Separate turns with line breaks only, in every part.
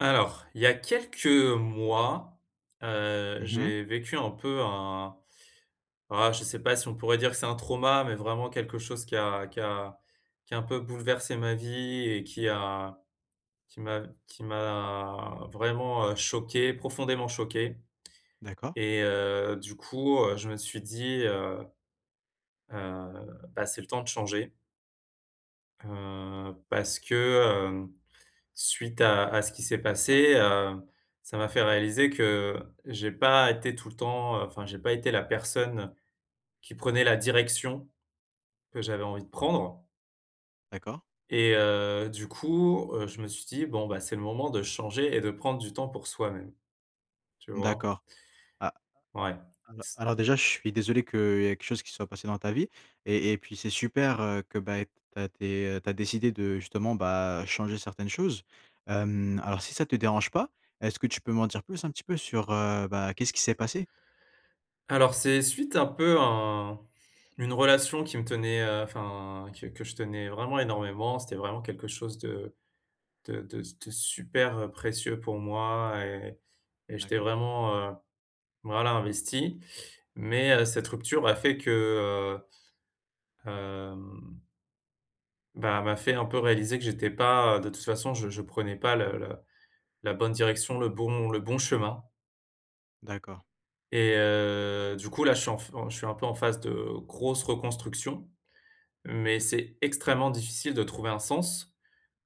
Alors, il y a quelques mois, heu,
Mmh mh.
j'ai vécu un peu, un, voilà, je sais pas si on pourrait dire que c'est un trauma, mais vraiment quelque chose qui a qui a qui a un peu bouleversé ma vie et qui a qui m'a qui m'a vraiment, heu, choqué, profondément choqué.
D'accord.
Et, heu, du coup, heu, je me suis dit, heu: «Heu, bah, c'est le temps de changer». Heu, parce que, heu, suite à à ce qui s'est passé, heu, ça m'a fait réaliser que j'ai pas été tout le temps, enfin, j'ai pas été la personne qui prenait la direction que j'avais envie de prendre
D'accord.
et, heu, du coup, heu, je me suis dit: «Bon, bah, c'est le moment de changer et de prendre du temps pour soi-même. Tu vois?»
D'accord. Ah.
Ouais.
Alors
s
alors déjà, je suis désolé qu'il y ait quelque chose qui soit passé dans ta vie. Et et puis, c'est super, heu, que, ben, tu as dé tu as décidé de, justement, bah, changer certaines choses. Hem, alors, si ça te dérange pas, est-ce que tu peux m'en dire plus un petit peu sur, heu, bah, qu'est-ce qui s'est passé?
Alors, c'est suite un peu à une relation qui me tenait enfin, que que je tenais vraiment énormément. C'était vraiment quelque chose de de de de super, heu, précieux pour moi et et j'étais
D'accord.
vraiment, heu, voilà, investi. Mais, heu, cette rupture a fait que, heu, hem, ben, elle m'a fait un peu réaliser que j'étais pas, heu, de toute façon, je je prenais pas la la bonne direction, le bon le bon chemin.
D'accord.
Et heu, du coup, là je suis en f je suis un peu en phase de grosse reconstruction. Mais, c'est extrêmement difficile de trouver un sens.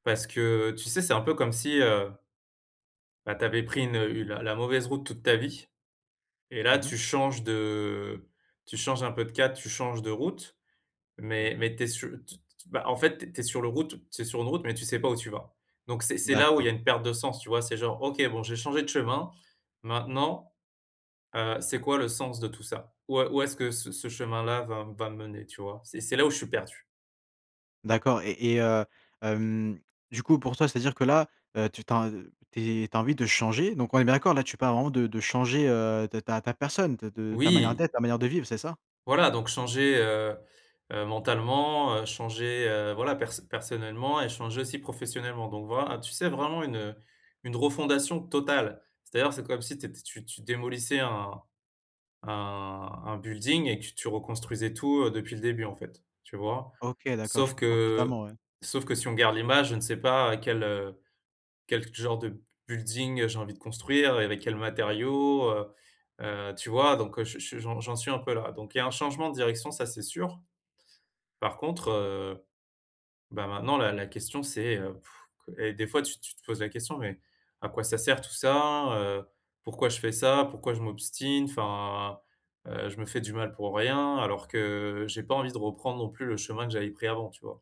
Parce que, tu sais, c'est un peu comme si, heu bah, tu avais pris une la la mauvaise route toute ta vie. Et là,
Mmh mh.
tu changes de tu changes un peu de cap, tu changes de route, mais
D'accord.
mais tu es su bah, en fait, tu es tu es sur le route tu es sur une route, mais tu sais pas où tu vas. Donc, c'est c'est là où il y
D'accord.
a une perte de sens, tu vois? C'est genre: «OK bon j'ai changé de chemin maintenant, heu, c'est quoi le sens de tout ça? où est où est-ce que ce ce chemin-là va va me mener?» tu vois? C'est et c'est là où je suis perdu.
D'accord. Et et heu, hem, du coup, pour toi c'est-à-dire que là, heu tu t'en tu es tu as envie de changer? Donc, on est bien d'accord là, tu parles vraiment de de changer, heu, ta ta personne de de ta manière
Oui!
d'être, ta manière de vivre, c'est ça?
Voilà, donc, changer, heu, heu, mentalement, heu, changer, heu, voilà, perso personnellement et changer aussi professionnellement, donc, voilà. Tu sais vraiment une une re-fondation totale. C'est-à-dire c'est comme si t'ét tu tu démolissais un un un building et que tu tu reconstruisais tout, heu, depuis le début, en fait, tu vois?
OK. D'accord. Je
Sauf
comprends totalement,
que
ouais.
sauf que si on garde l'image, je ne sais pas quel, heu, quel genre de building j'ai envie de construire et avec quels matériaux, heu. Heu, tu vois? Donc heu j ch j'en j'en suis un peu là. Donc, il y a un changement de direction ça, c'est sûr. Par contre, heu, bah, maintenant la la question c'est heu, et des fois tu tu te poses la question: «Mais à quoi ça sert tout ça, heu? Pourquoi je fais ça? Pourquoi je m'obstine?» enfin, heu, je me fais du mal pour rien, alors que j'ai pas envie de reprendre non plus le chemin que j'avais pris avant, tu vois?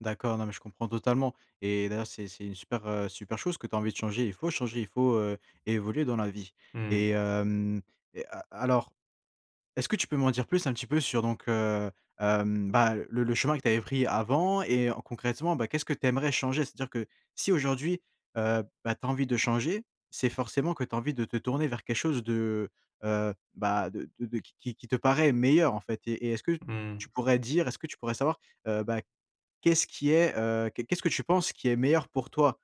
D'accord, non mais je comprends totalement. Et d'ailleurs, c'est c'est une super, heu, super chose que tu as envie de changer. Il faut changer, il faut, heu, évoluer dans la vie.
Mmh mh.
Et hem et a alors, est-ce que tu peux m'en dire plus, un petit peu, sur, donc, heu, hem, bah, le le chemin que tu avais pris avant et en concrètement, bah, qu'est-ce que tu aimerais changer? C'est-à-dire que si aujourd'hui, heu, bah, tu as envie de changer, c'est forcément que tu as envie de te tourner vers quelque chose de, heu, bah, de de qui qui te paraît meilleur, en fait. Et et est-ce que
Mmh mh.
tu pourrais dire est-ce que tu pourrais savoir, heu, bah, qu'est-ce qui est, heu qu'est qu'est-ce que tu penses qui est meilleur pour toi?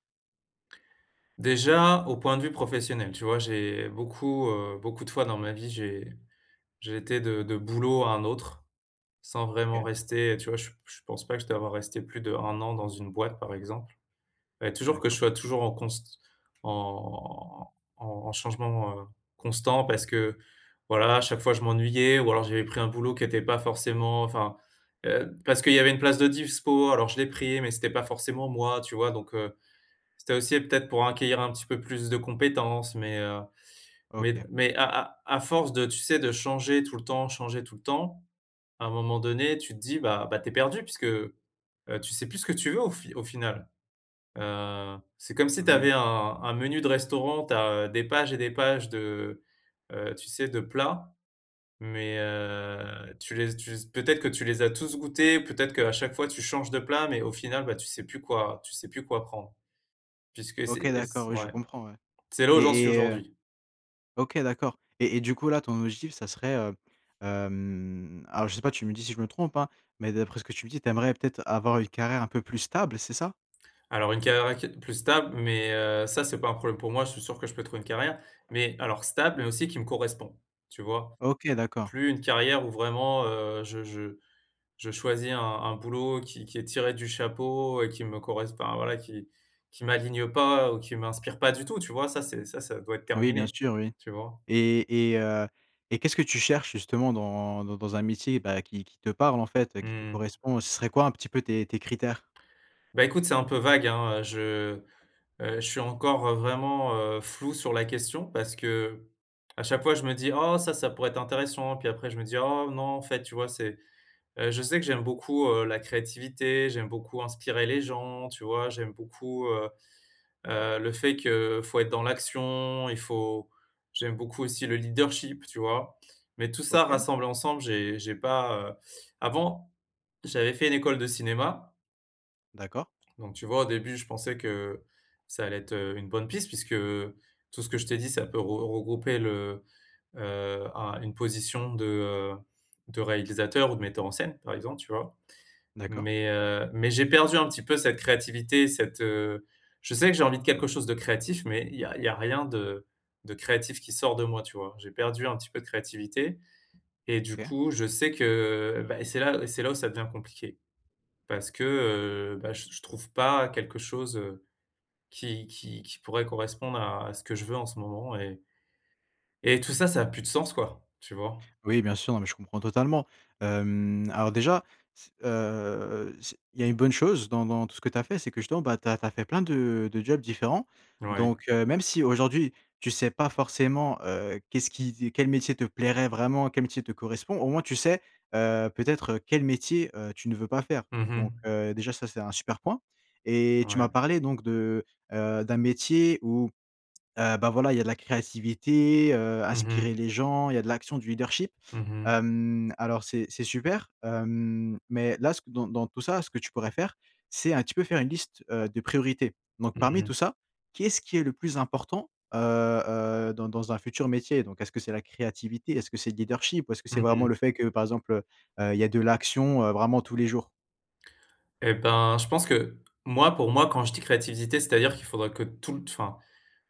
Déjà, au point de vue professionnel, tu vois, j'ai beaucoup, heu, beaucoup de fois dans ma vie, j'ai j'ai été de de boulot à un autre, sans vraiment
OK.
rester. Heu, tu vois, je je pense pas que je dois avoir rester plus d'1 an dans une boîte, par exemple. Fallait toujours que je
D'accord.
sois toujours en const... en en en changement, heu, constant parce que, voilà, à chaque fois je m'ennuyais ou alors j'avais pris un boulot qui était pas forcément, enfin, heu parce qu'il y avait une place de dispo, alors je l'ai pris, mais c'était pas forcément moi, tu vois? Donc, heu, c'était aussi peut-être pour acquérir un petit peu plus de compétences, mais heu, mais d
OK.
mais à à à à force, tu sais, de changer tout le temps, changer tout le temps, à un moment donné tu te dis, bah bah tu es perdu puisque, heu, tu sais plus ce que tu veux au fi au final. Heu, c'est comme si tu avais
Oui.
un un un menu de restaurant, tu as des pages et des pages de, heu, tu sais de plats, mais, heu, tu les tu les peut-être que tu les as tous goûté, peut-être qu'à chaque fois tu changes de plats, mais au final, bah, tu sais plus quoi tu sais plus quoi prendre, puisque c'est
OK.
c'est et
D'accord.
c
Oui, je
ouais,
comprends, ouais.
c'est là où j'en
Et
suis
et heu
aujourd'hui.
OK d'accord. Et et du coup, là ton objectif ça serait heu, hem, alors, je sais pas, tu me dis si je me trompe, hein, mais d'après ce que tu me dis, tu aimerais peut-être avoir une carrière un peu plus stable, c'est ça?
Alors une carrière qui est plus stable, mais, heu, ça c’est pas un problème pour moi, je suis sûr que je peux trouver une carrière. Mais, alors stable, mais, aussi qui me correspond, tu vois?
OK, d'accord.
Plus une carrière où vraiment, heu, je je je je choisis un un boulot qui qui est tiré du chapeau et qui me corres enfin, voilà, qui qui m'aligne pas ou qui m'inspire pas du tout, tu vois? Ça c'est ça ça doit être
Oui bien
terminé,
sûr oui.
tu vois?
Et et heu et qu'est-ce que tu cherches justement dans dans dans un métier, bah, qui qui te parle en fait, qui te
Mmh mh.
correspond? Ce serait quoi un petit peu tes tes critères?
Bah, écoute, c'est un peu vague hein. Je, heu, je suis encore, heu, vraiment, heu, flou sur la question. Parce qu’à chaque fois je me dis: «Oh, ça, ça pourrait être intéressant.» puis après, je me dis: «Oh non, en fait», tu vois? C'est heu je sais que j'aime beaucoup, heu, la créativité, j'aime beaucoup inspirer les gens, tu vois? J'aime beaucoup, heu, heu, le fait, qu'il faut être dans l'action, il faut j'aime beaucoup aussi le leadership, tu vois? Mais, tout ça
OK.
rassemble ensemble, j'ai j'ai pas, heu avant j'avais fait une école de cinéma
D'accord.
donc, tu vois, au début je pensais que, ça allait être, heu, une bonne piste puisque, tout ce que je t'ai dit ça peut re regrouper le, heu un une position de, heu, de réalisateur ou de metteur en scène, par exemple, tu vois?
D'accord.
Mais, heu, mais, j'ai perdu un petit peu cette créativité, cette, heu je sais que j'ai envie de quelque chose de créatif, mais il y a il y a rien de de créatif qui sort de moi, tu vois? J'ai perdu un petit peu de créativité. Et du
OK.
coup, je sais que, bah, c'est là c'est là où ça devient compliqué. Parce que, heu, bah, je je trouve pas quelque chose, heu, qui qui qui pourrait correspondre à à ce que je veux en ce moment. Et et tout ça, ça a plus de sens quoi, tu vois?
Oui, bien sûr. Non mais je comprends totalement. Hem, alors déjà, c heu, c il y a une bonne chose dans dans tout ce que tu as fait. C'est que, bah, justement, tu as tu as fait plein de de jobs différents.
Ouais.
Donc heu, même si aujourd'hui, tu sais pas forcément, heu, qu'est-ce qui quel métier te plairait vraiment, quel métier te correspond, au moins tu sais, heu, peut-être, heu, quel métier, heu, tu ne veux pas faire.
Mmh
Donc,
mh.
heu, déjà ça, c'est un super point. Et tu
Ouais.
m'as parlé, donc, de, heu d'un métier où, heu, bah, voilà, il y a de la créativité, heu,
Mmh
inspirer
mh.
les gens, il y a de l'action, du leadership.
Mmh mh.
Hem, alors c'est c'est super, hem, mais là c dans ce dans dans tout ça ce que tu pourrais faire, c'est un petit peut faire une liste, heu, de priorités. Donc,
Mmh
parmi
mh.
tout ça, qu'est-ce qui est le plus important, heu, heu, dans dans un futur métier? Donc, est-ce que c'est la créativité? Est-ce que c'est le leadership? Ou est-ce que
Mmh
c'est vraiment
mh.
le fait que par exemple, heu, heu, il y a de l'action, heu, vraiment tous les jours?
Et ben, je pense que moi, pour moi, quand je dis créativité, c'est-à-dire qu'il faudrait que toute enfin,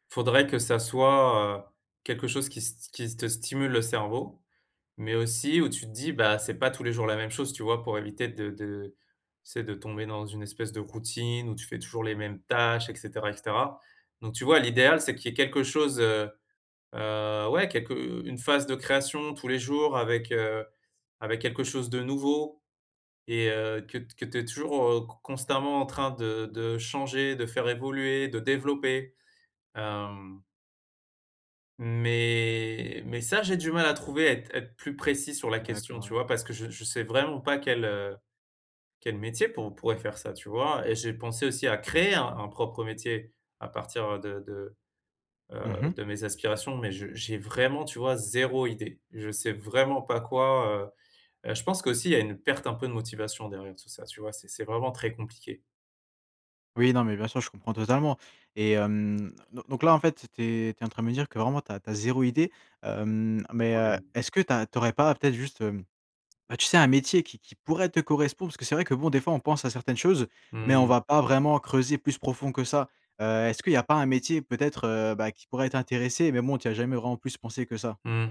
faudrait que ça soit, heu, quelque chose qui st qui te stimule le cerveau. Mais, aussi, où tu te dis: «Bah, c'est pas tous les jours la même chose.» tu vois? Pour éviter de de, tu sais, de tomber dans une espèce de routine où tu fais toujours les mêmes tâches et cetera et cetera. Donc, tu vois l'idéal c'est qu'il y ait quelque chose, heu, heu, ouais, quelque une phase de création tous les jours avec, heu, avec quelque chose de nouveau et heu, que t que tu es toujours con constamment en train de de changer, de faire évoluer, de développer. Hem Mais mais ça, j'ai du mal à trouver, à être à être plus précis sur la question,
D'accord,
tu
ouais.
vois? Parce que je je sais vraiment pas quel, heu, quel métier pour pourrait faire ça, tu vois, et j'ai pensé aussi à créer un propre métier à partir de de,
Mmh
heu,
mh.
de mes aspirations, mais j'ai vraiment, tu vois, 0 idée. Je sais vraiment pas quoi, heu. Heu, je pense qu'aussi, il y a une perte, un peu, de motivation derrière tout ça, tu vois? C'est c'est vraiment très compliqué.
Oui, non, mais bien sûr, je comprends totalement. Et heu, don donc, là, en fait, tu es tu es en train de me dire que, vraiment, tu as tu as 0 idée. Hem, mais, heu,
Ouais.
est-ce que tu as tu aurais pas peut-être juste, hem, bah, tu sais, un métier qui qui pourrait te correspondre? Parce que c'est vrai que, bon, des fois on pense à certaines choses, mais on
Mmh.
va pas vraiment creuser plus profond que ça. Heu, est-ce que il y a pas un métier peut-être, heu, bah, qui pourrait t'intéresser, mais bon, tu y as jamais vraiment plus pensé que ça?
Mmh.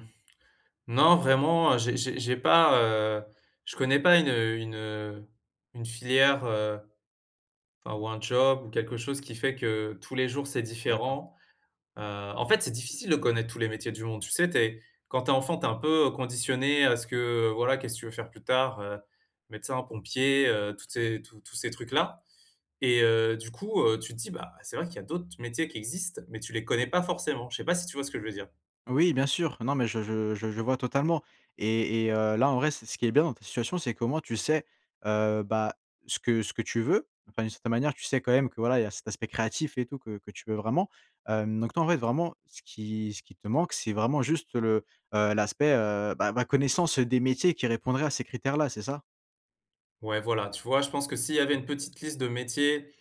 Non, vraiment, j'ai j'ai j'ai pas, heu, je connais pas une, heu une heu, une filière, heu, enfin, ou un job ou quelque chose qui fait que, tous les jours, c'est
D'accord.
différent. Heu, en fait, c'est difficile de connaître tous les métiers du monde. Tu sais, tu es quand tu es enfant, tu es un peu conditionné à ce que, heu, voilà, qu'est-ce que tu veux faire plus tard? Heu, médecin, pompier, heu, toutes ces tous tous ces trucs-là et heu, du coup, heu, tu te dis, bah, c'est vrai qu'il y a d'autres métiers qui existent, mais tu les connais pas forcément. Je sais pas si tu vois ce que je veux dire?
Oui, bien sûr. Non, mais je je je je je vois totalement et et, heu, là, en vrai, c ce qui est bien dans cette situation, c'est que, au moins, t tu sais, heu, bah, ce que ce que tu veux. Enfin, d'une certaine manière, tu sais quand même que, voilà, il y a cet aspect créatif et tout que que tu veux vraiment. Hem, donc, en fait, vraiment, ce qui ce qui te manque, c'est vraiment juste le, heu, l'aspect, heu, bah, ma connaissance des métiers qui répondraient à ces critères là, c'est ça?
Ouais, voilà, tu vois, je pense que s'il y avait une petite liste de métiers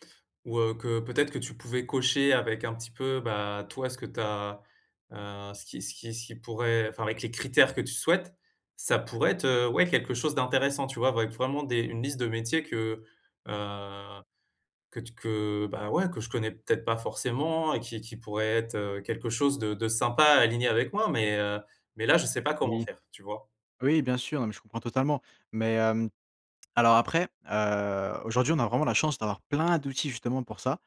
ou, heu, que peut-être que tu pouvais cocher avec un petit peu, bah, toi ce que tu as, heu, ce qui ce qui ce qui pourrait enfin, avec les critères que tu souhaites, ça pourrait être, heu, ouais quelque chose d'intéressant tu vois? Avec vraiment des une liste de métiers que, heu, que t que bah ouais que je connais peut-être pas forcément et qui qui pourrait être, heu, quelque chose de de sympa, aligné avec moi mais, heu, mais là je sais pas comment
Oui.
faire, tu vois?
Oui, bien sûr, non, mais je comprends totalement. Mais, hem, alors après, heu, aujourd'hui on a vraiment la chance d'avoir plein d'outils justement pour ça.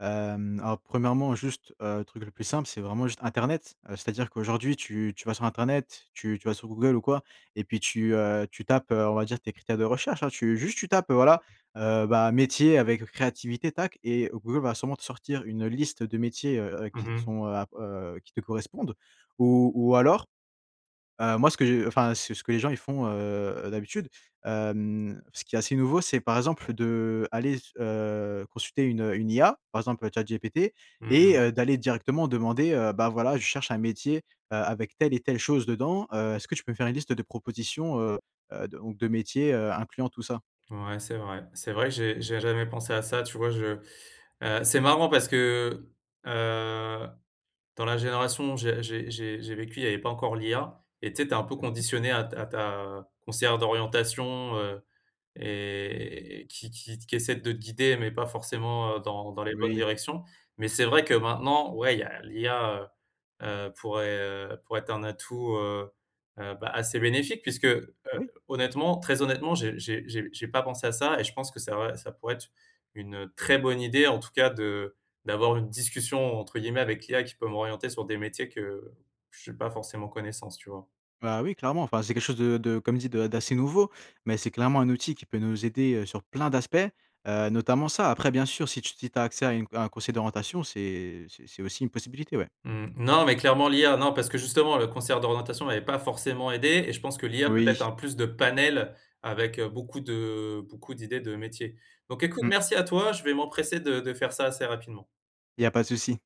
Hem, alors, premièrement juste, heu, truc le plus simple, c'est vraiment juste internet. Heu, c'est-à-dire qu'aujourd'hui tu tu vas sur internet, tu tu vas sur Google ou quoi et puis tu, heu, tu tapes, heu, on va dire, tes critères de recherche, hein, tu juste tu tapes, heu, voilà, heu, ben: «métier avec créativité», tac, et Google va sûrement te sortir une liste de métiers, heu heu,
Mmh
qui te
mh.
sont, heu ah heu, qui te correspondent. Ou ou alors, heu, moi ce que je enfin, ce ce que les gens ils font, heu heu, d'habitude, hem, ce qui est assez nouveau, c'est par exemple de aller s heu, consulter une une IA par exemple ChatGPT
Mmh
et,
mh.
heu, d'aller directement demander, heu: «Bah, voilà je cherche un métier, heu, avec telle et telle chose dedans, heu, est-ce que tu peux me faire une liste de propositions, heu heu, de ou de métiers, heu, incluant tout ça?».
Ouais, c'est vrai c'est vrai, j'ai j'ai jamais pensé à ça tu vois je heu, c'est marrant parce que, heu, dans la génération où j'ai j'ai j'ai j'ai vécu, il y avait pas encore l'IA, et tu sais, tu es un peu
Mmh mh.
conditionné à t à ta conseillère d'orientation, heu, et qui qui t qui essaie de te guider mais pas forcément, heu, dans dans les bonnes
Oui.
directions. Mais c'est vrai que maintenant ouais il y a l'IA, heu heu, pourrait, heu, pourrait être un atout, heu heu, bah, assez bénéfique puisque, heu,
Oui!
honnêtement, très honnêtement, j'ai j'ai j'ai j'ai pas pensé à ça et je pense que c'est vrai, ça pourrait être une très bonne idée en tout cas de d'avoir une «discussion», entre guillemets avec l'IA qui peut m'orienter sur des métiers que j'ai pas forcément connaissance, tu vois?
Bah, oui, clairement, enfin, c'est quelque chose de de, comme dit de d'assez nouveau, mais c'est clairement un outil qui peut nous aider, heu, sur plein d'aspects, heu, notamment ça. Après bien sûr, si tu si tu as accès à une c à un conseiller d'orientation c'est c'est c'est aussi une possibilité, ouais.
Mmh, non mais clairement l'IA, non, parce que justement la conseillère d'orientation m'avait pas forcément aidé et je pense que l'IA peut-être
Oui.
a plus de panel avec, heu, beaucoup de beaucoup d'idées de métiers. Donc écoute,
Mmh.
merci à toi, je vais m'empresser de de faire ça assez rapidement.
Il y a pas de souci.